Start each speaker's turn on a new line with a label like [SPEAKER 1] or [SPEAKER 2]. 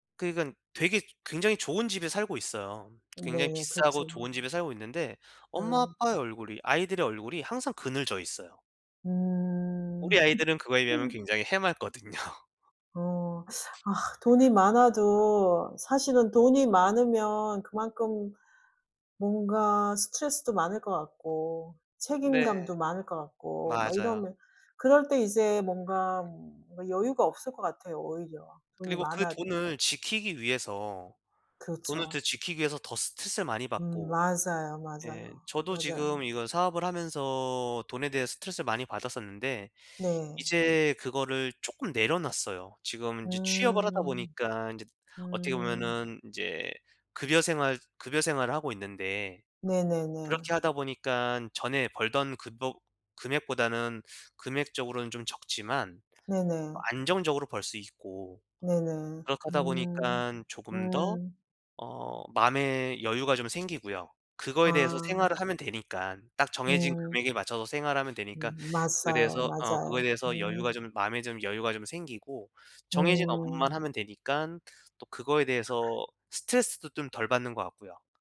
[SPEAKER 1] 그러니깐 되게 굉장히 좋은 집에 살고 있어요. 굉장히
[SPEAKER 2] 네
[SPEAKER 1] 비싸고
[SPEAKER 2] 그렇죠.
[SPEAKER 1] 좋은 집에 살고 있는데 엄마
[SPEAKER 2] 예.
[SPEAKER 1] 아빠의 얼굴이 아이들의 얼굴이 항상 그늘져 있어요.
[SPEAKER 2] 음.
[SPEAKER 1] 우리 아이들은 그거에 비하면 굉장히 해맑거든요.
[SPEAKER 2] 어. 아 돈이 많아도 사실은 돈이 많으면 그만큼 뭔가 스트레스도 많을 것 같고
[SPEAKER 1] 네.
[SPEAKER 2] 책임감도 많을 것 같고 막
[SPEAKER 1] 맞아요.
[SPEAKER 2] 이러면 그럴 때 이제 뭔가 음 여유가 없을 것 같아요 오히려 돈이
[SPEAKER 1] 그리고 그
[SPEAKER 2] 많아도.
[SPEAKER 1] 돈을 지키기 위해서 돈을 더
[SPEAKER 2] 그렇죠.
[SPEAKER 1] 지키기 위해서 더 스트레스를 많이
[SPEAKER 2] 음
[SPEAKER 1] 받고.
[SPEAKER 2] 맞아요,
[SPEAKER 1] 예.
[SPEAKER 2] 맞아요.
[SPEAKER 1] 저도
[SPEAKER 2] 맞아요.
[SPEAKER 1] 지금 이거 사업을 하면서 돈에 대해 스트레스를 많이 받았었는데
[SPEAKER 2] 네.
[SPEAKER 1] 이제 그거를 쪼끔 내려놨어요. 지금 인제 취업을 하다
[SPEAKER 2] 음.
[SPEAKER 1] 보니까 인제 어떻게
[SPEAKER 2] 음.
[SPEAKER 1] 보면은 인제 급여 생활 급여 생활을 하고 있는데
[SPEAKER 2] 네네네.
[SPEAKER 1] 그렇게 하다 보니깐 전에 벌던 급여 금액보다는 금액적으로는 좀 적지만
[SPEAKER 2] 네네.
[SPEAKER 1] 안정적으로 벌 수 있고
[SPEAKER 2] 네네.
[SPEAKER 1] 그렇게 하다
[SPEAKER 2] 음.
[SPEAKER 1] 보니깐 조금 더
[SPEAKER 2] 음.
[SPEAKER 1] 어 마음의 여유가 좀 생기고요. 그거에 대해서
[SPEAKER 2] 아.
[SPEAKER 1] 생활을 하면 되니깐 딱 정해진
[SPEAKER 2] 음.
[SPEAKER 1] 금액에 맞춰서 생활하면 되니까
[SPEAKER 2] 음 맞아요,
[SPEAKER 1] 그래서 어 그거에
[SPEAKER 2] 맞아요.
[SPEAKER 1] 대해서 여유가
[SPEAKER 2] 음.
[SPEAKER 1] 좀 마음에 좀 여유가 좀 생기고 정해진 업무만
[SPEAKER 2] 음.
[SPEAKER 1] 하면 되니깐 또 그거에 대해서 스트레스도 좀 덜 받는 것 같고요.